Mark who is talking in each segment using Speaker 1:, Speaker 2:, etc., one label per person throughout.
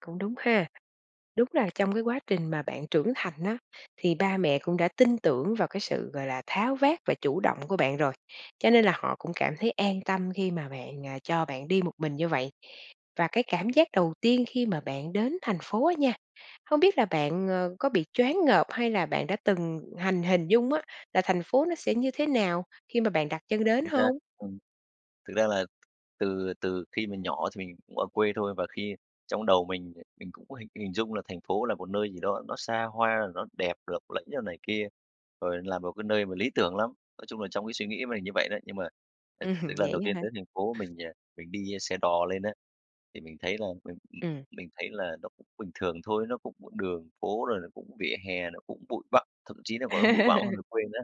Speaker 1: Cũng đúng ha. Đúng là trong cái quá trình mà bạn trưởng thành á, thì ba mẹ cũng đã tin tưởng vào cái sự, gọi là, tháo vát và chủ động của bạn rồi. Cho nên là họ cũng cảm thấy an tâm khi mà bạn à, cho bạn đi một mình như vậy. Và cái cảm giác đầu tiên khi mà bạn đến thành phố á nha, không biết là bạn, ờ, có bị choáng ngợp, hay là bạn đã từng hành hình dung á là thành phố nó sẽ như thế nào khi mà bạn đặt chân đến
Speaker 2: Chính xác,
Speaker 1: hông?
Speaker 2: ừm. Thực ra là từ từ khi mình nhỏ, thì mình cũng ở quê thôi và khi trong đầu mình, mình cũng có hình hình dung là thành phố là một nơi gì đó, nó xa hoa, nó đẹp lỗng lẫy rồi này kia, rồi là một cái nơi mà lý tưởng lắm. Nói chung là, trong cái suy nghĩ mình như vậy đấy, nhưng mà, à,
Speaker 1: Ừm,
Speaker 2: cái lần
Speaker 1: vậy
Speaker 2: đầu tiên
Speaker 1: á hả?
Speaker 2: tới thành phố mình, à, mình đi xe đò lên á, thì mình thấy là mình
Speaker 1: Ừm.
Speaker 2: mình thấy là nó cũng bình thường thôi, nó cũng đường phố rồi nó cũng vỉa hè nó cũng bụi bặm, thậm chí là còn bụi bặm hơn về quê nữa.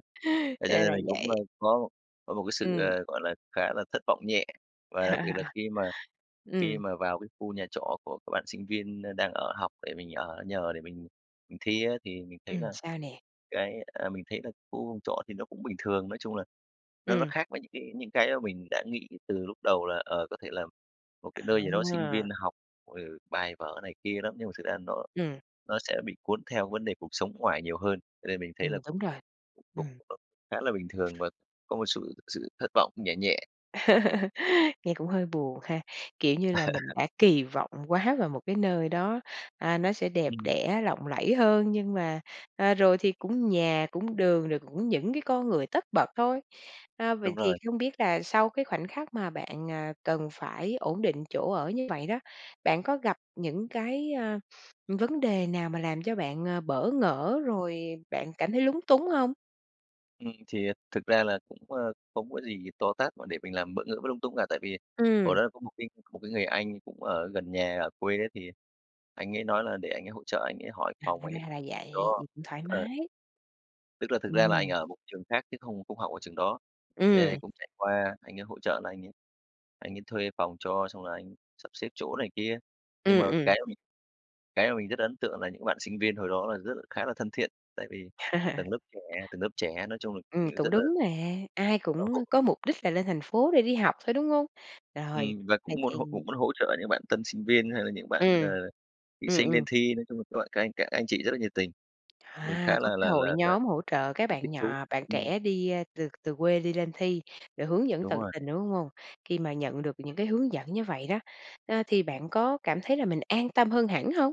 Speaker 2: Thế cho
Speaker 1: Ra
Speaker 2: nên
Speaker 1: là
Speaker 2: mình cũng,
Speaker 1: vậy.
Speaker 2: ơ, có có một cái sự,
Speaker 1: Ừm.
Speaker 2: ờ, gọi là, khá là thất vọng nhẹ và đặc biệt là khi mà khi
Speaker 1: Ừm.
Speaker 2: mà vào cái khu nhà trọ của các bạn sinh viên đang ở học để mình ở nhờ để mình mình thi á thì mình thấy
Speaker 1: Ừm,
Speaker 2: là
Speaker 1: sao nè?
Speaker 2: cái, à, mình thấy là khu trọ thì nó cũng bình thường, nói chung là nó nó
Speaker 1: Ừm.
Speaker 2: khác với những cái những cái mà mình đã nghĩ từ lúc đầu là, ờ, có thể là một cái nơi gì đó sinh
Speaker 1: À.
Speaker 2: viên học, ừ, bài vở này kia lắm nhưng mà thực ra nó
Speaker 1: Ừm.
Speaker 2: nó sẽ bị cuốn theo vấn đề cuộc sống ngoài nhiều hơn. Cho nên mình thấy là
Speaker 1: Ừm, đúng rồi,
Speaker 2: cũng cũng
Speaker 1: ừm.
Speaker 2: khá là bình thường và có một sự sự thất vọng, nhẹ nhẹ.
Speaker 1: Nghe cũng hơi buồn ha, kiểu, như là mình đã kỳ vọng quá vào một cái nơi đó, à, nó sẽ đẹp
Speaker 2: Ừm.
Speaker 1: đẽ, lộng lẫy hơn nhưng mà, à, rồi thì cũng nhà, cũng đường rồi cũng những cái con người tất bật thôi. À,
Speaker 2: Đúng
Speaker 1: vậy thì
Speaker 2: rồi.
Speaker 1: không biết là sau cái khoảnh khắc mà bạn, ờ, cần phải ổn định chỗ ở như vậy đó, bạn có gặp những cái, a, vấn đề nào mà làm cho bạn, ờ, bỡ ngỡ rồi bạn cảm thấy lúng túng hông?
Speaker 2: Ừm, thì thực ra là cũng, ơ, không có gì to tát mà để mình làm bỡ ngỡ bất lung tung cả. Tại vì hồi
Speaker 1: Ừm.
Speaker 2: đó có một cái một cái người anh cũng ở gần nhà ở quê ấy thì anh ấy nói là để anh ấy hỗ trợ anh ấy hỏi
Speaker 1: À,
Speaker 2: phòng anh ấy
Speaker 1: ra là vậy,
Speaker 2: cho,
Speaker 1: vậy cũng thoải
Speaker 2: ờ.
Speaker 1: mái.
Speaker 2: Tức là thực ra là anh
Speaker 1: Ừm.
Speaker 2: ở một trường khác chứ không không học ở trường đó, nên anh
Speaker 1: Ừm.
Speaker 2: cũng chạy qua anh ấy hỗ trợ là anh ấy anh ấy thuê phòng cho xong rồi anh sắp xếp chỗ này kia. Nhưng mà
Speaker 1: Ừm, ừm.
Speaker 2: cái mà mình cái mà mình rất ấn tượng là những bạn sinh viên hồi đó là rất khá là thân thiện, tại vì tầng lớp trẻ tầng lớp trẻ, nói chung là,
Speaker 1: Ừm, cũng
Speaker 2: rất là
Speaker 1: đúng mà, ai
Speaker 2: rất là
Speaker 1: cũng
Speaker 2: hỗ
Speaker 1: có mục đích là lên thành phố để đi học thôi, đúng hông? Rồi,
Speaker 2: Ừm, và
Speaker 1: vậy
Speaker 2: cũng muốn
Speaker 1: thì
Speaker 2: hỗ cũng muốn hỗ trợ những bạn tân sinh viên, hay là những bạn, ờ,
Speaker 1: Ừm,
Speaker 2: thí
Speaker 1: ừm,
Speaker 2: sinh lên
Speaker 1: ừm.
Speaker 2: thi, nói chung là các bạn, các anh các anh chị rất là nhiệt tình. Mình
Speaker 1: À,
Speaker 2: khá là
Speaker 1: có cái
Speaker 2: là
Speaker 1: hội
Speaker 2: là là
Speaker 1: nhóm hỗ trợ các bạn
Speaker 2: thích thú,
Speaker 1: nhỏ bạn
Speaker 2: ừm.
Speaker 1: trẻ đi, ơ, từ từ quê đi lên thi, để hướng dẫn
Speaker 2: Đúng
Speaker 1: tận
Speaker 2: rồi.
Speaker 1: tình, đúng hông? Khi mà nhận được những cái hướng dẫn như vậy đó, a, thì bạn có cảm thấy là mình an tâm hơn hẳn hông?